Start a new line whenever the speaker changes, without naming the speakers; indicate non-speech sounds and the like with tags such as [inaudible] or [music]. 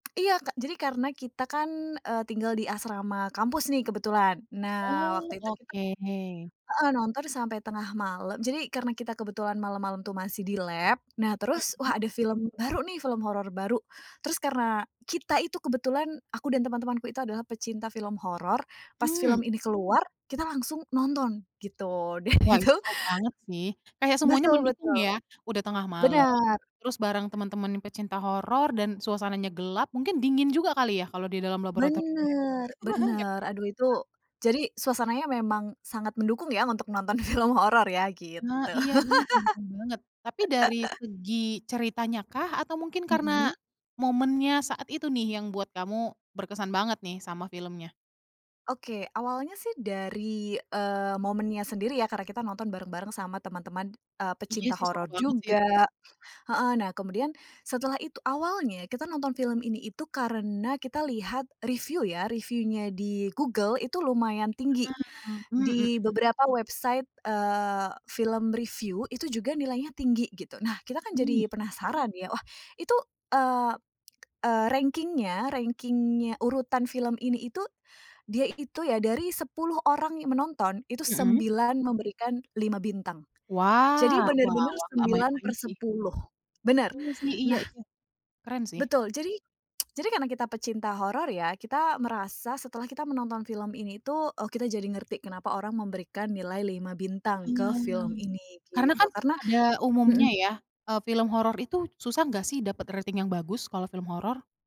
Iya ka jadi karena kita kan, eee, tinggal di asrama kampus nih kebetulan. Nah waktu
Oh
itu kita
oke.
heeh nonton sampai tengah malam jadi karena kita kebetulan malam-malam tuh masih di lab. Nah terus
Mhm.
wah ada film baru nih, film horor baru, terus karena kita itu kebetulan aku dan teman-temanku itu adalah pecinta film horor, pas film
Mmm.
ini keluar, kita langsung nonton gitu dan
Wah
itu
itu seru banget sih, kayak semuanya
Betul
mendukung
betul,
ya, udah tengah malam,
benar.
terus bareng temen-temen pecinta horor, dan suasananya gelap, mungkin dingin juga kali ya kalau di dalam laboratorium ya.
Bener,
[chuckles]
bener. Aduh itu
[unintelligible]
jadi suasananya memang sangat mendukung ya untuk nonton film horor ya
Ah
gitu.
iya bener, mendukung banget, tapi dari
[laughs]
segi ceritanya kah, atau mungkin karena
Mhm.
momennya saat itu nih yang buat kamu berkesan banget nih sama filmnya?
Oke awalnya sih dari, eee, momennya sendiri ya karena kita nonton bareng-bareng sama teman-teman, eee,
Iya
pecinta
sih, seru
horor
banget sih itu Kak.
juga heeh, nah kemudian setelah itu awalnya kita nonton film ini itu karena kita lihat review ya, review-nya di Google itu lumayan tinggi.
Ah, mmm, mhm.
Di beberapa website eee, film review, itu juga nilainya tinggi gitu. Nah kita kan
Mmm.
jadi penasaran ya, wah itu, eee eee, ranking-nya rangking-nya urutan film ini itu, dia itu ya, dari 10 orang yang menonton, itu
Mhm.
9 memberikan 5 bintang jadi
Wah, wah
bener-bener
wah, nggak
sembilan
main-main sih.
persepuluh bener,
Iya sih, iya
nah
iya, keren sih.
Betul, jadi [smacks lips] jadi karena kita pecinta horor ya, kita merasa setelah kita menonton film ini tuh, oh kita jadi ngerti, kenapa orang memberikan nilai 5 bintang ke
Ah.
film ini
Karena
gitu
kan
karena
pada umumnya
mhm.
ya, eee, film horor itu susah gak sih dapat rating yang bagus, kalau film horor?